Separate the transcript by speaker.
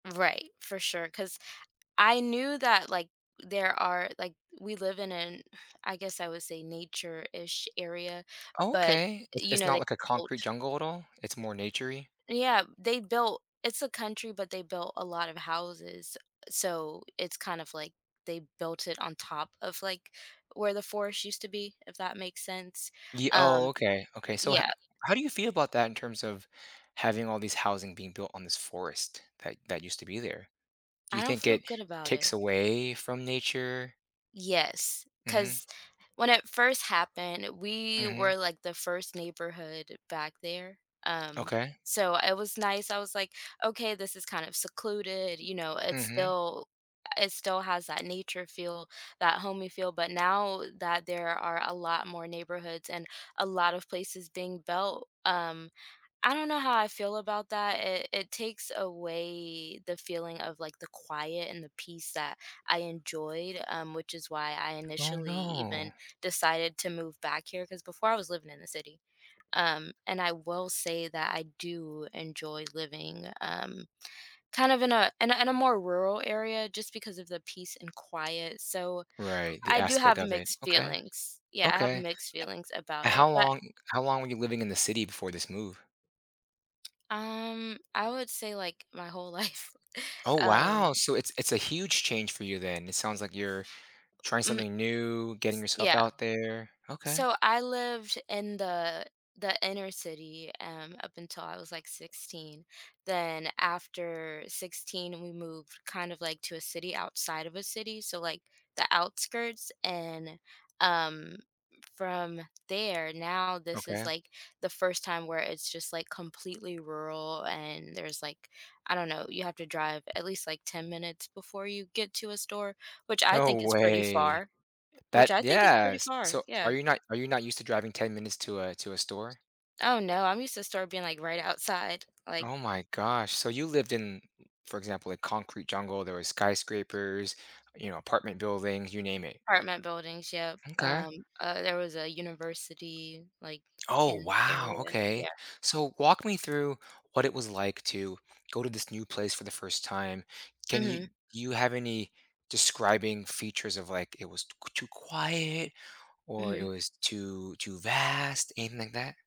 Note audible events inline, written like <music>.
Speaker 1: Right. For sure, 'cause I knew that, like, there are, like, we live in an <sighs> I guess I would say nature-ish area, but,
Speaker 2: Okay. It's
Speaker 1: you
Speaker 2: it's
Speaker 1: know, they
Speaker 2: not, like, a concrete
Speaker 1: mulch?
Speaker 2: jungle at all. It's more naturey?
Speaker 1: Yeah. They built it's a country, but they built a lot of houses. So it's kind of, like, they built it on top of, like, where the forest used to be, if that makes sense.
Speaker 2: Y
Speaker 1: Um
Speaker 2: oh, okay, okay. So ho
Speaker 1: Yeah.
Speaker 2: how do you feel about that in terms of having all these housing being built on this forest that that used to be there? Do
Speaker 1: I
Speaker 2: you
Speaker 1: don't
Speaker 2: think
Speaker 1: feel
Speaker 2: it
Speaker 1: good about
Speaker 2: takes
Speaker 1: it.
Speaker 2: away from nature?
Speaker 1: Yes,
Speaker 2: Mhm.
Speaker 1: 'cause when it first happened, we
Speaker 2: Mhm.
Speaker 1: were, like, the first neighborhood back there, um,
Speaker 2: Okay.
Speaker 1: so, it was nice. I was like, okay, this is kind of secluded, you know, it
Speaker 2: Mhm.
Speaker 1: still it still has that nature feel, that homey feel. But now that there are a lot more neighborhoods and a lot of places being built, um, I don't know how I feel about that, it it takes away the feeling of like the quiet and the peace that I enjoyed, um, which is why I
Speaker 2: Oh,
Speaker 1: initially
Speaker 2: no.
Speaker 1: even decided to move back here 'cause before I was living in the city, um, and I will say that I do enjoy living, um, kind of in a in a in a more rural area just because of the peace and quiet, so
Speaker 2: Right, the
Speaker 1: I do
Speaker 2: aspect
Speaker 1: have
Speaker 2: of it.
Speaker 1: mixed
Speaker 2: Okay.
Speaker 1: feelings. Yeah, I have
Speaker 2: Okay.
Speaker 1: mixed feelings about
Speaker 2: H
Speaker 1: it,
Speaker 2: How
Speaker 1: but
Speaker 2: long how long were you living in the city before this move?
Speaker 1: Um, I would say, like, my whole life,
Speaker 2: Oh,
Speaker 1: um
Speaker 2: wow. So it's it's a huge change for you then. It sounds like you're trying
Speaker 1: Mm
Speaker 2: something new, getting
Speaker 1: S
Speaker 2: yourself
Speaker 1: Yeah.
Speaker 2: out there. Okay.
Speaker 1: So, I lived in the the inner city, um, up until I was, like, 16. Then after 16, we moved kind of, like, to a city outside of a city, so, like, the outskirts, and, um, from there, now this is,
Speaker 2: Okay.
Speaker 1: like, the first time where it's just, like, completely rural, and there's, like, I don't know, you have to drive at least, like, 10 minutes before you get to a store, which I
Speaker 2: No
Speaker 1: think is pretty
Speaker 2: way.
Speaker 1: far, which
Speaker 2: That
Speaker 1: I think is pretty
Speaker 2: Yes!
Speaker 1: far.
Speaker 2: So, are
Speaker 1: Yeah.
Speaker 2: you not are you not used to driving 10 minutes to a to a store?
Speaker 1: Oh, no. I'm used to store being, like, right outside, like
Speaker 2: Oh my gosh. So you lived in m for example, a concrete jungle. There were skyscrapers, you know, apartment buildings, you name it.
Speaker 1: Apartment buildings, yep,
Speaker 2: M'kay.
Speaker 1: um, uh, there was a university, like, i
Speaker 2: Oh,
Speaker 1: in
Speaker 2: wow,
Speaker 1: area.
Speaker 2: okay.
Speaker 1: Yeah.
Speaker 2: So walk me through what it was like to go to this new place for the first time. Can you
Speaker 1: Mhm.
Speaker 2: you have any describing features of, like, it was t q too quiet or it
Speaker 1: Mhm.
Speaker 2: was too too vast, anything that?